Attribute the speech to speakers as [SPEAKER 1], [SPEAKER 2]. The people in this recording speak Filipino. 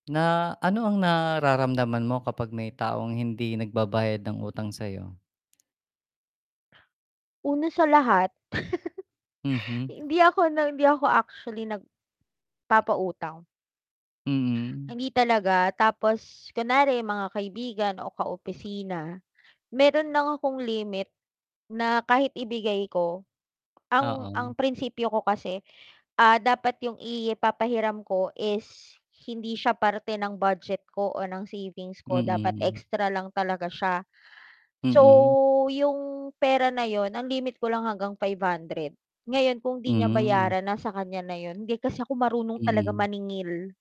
[SPEAKER 1] Na ano ang nararamdaman mo kapag may taong hindi nagbabayad ng utang sa 'yo?
[SPEAKER 2] Una sa lahat
[SPEAKER 1] Mhm.
[SPEAKER 2] hindi ako na hindi ako actually nagpapautang.
[SPEAKER 1] Mm.
[SPEAKER 2] Hindi talaga. Tapos kunwari mga kaibigan o ka-opisina mayro'n lang akong limit na kahit ibigay ko, ang ang
[SPEAKER 1] Oo.
[SPEAKER 2] prinsipyo ko kasi, ah, dapat yung ipapahiram ko is hindi siya parte ng budget ko o ng savings ko. Dapat
[SPEAKER 1] Mm.
[SPEAKER 2] extra lang talaga siya. So
[SPEAKER 1] Mm.
[SPEAKER 2] 'yong pera na 'yon ang limit ko lang hanggang 500. Ngayon kung 'di niya
[SPEAKER 1] Hmm.
[SPEAKER 2] bayaran nasa kanya na 'yon. Hindi kasi ako marunong talaga
[SPEAKER 1] Mm.
[SPEAKER 2] maningil.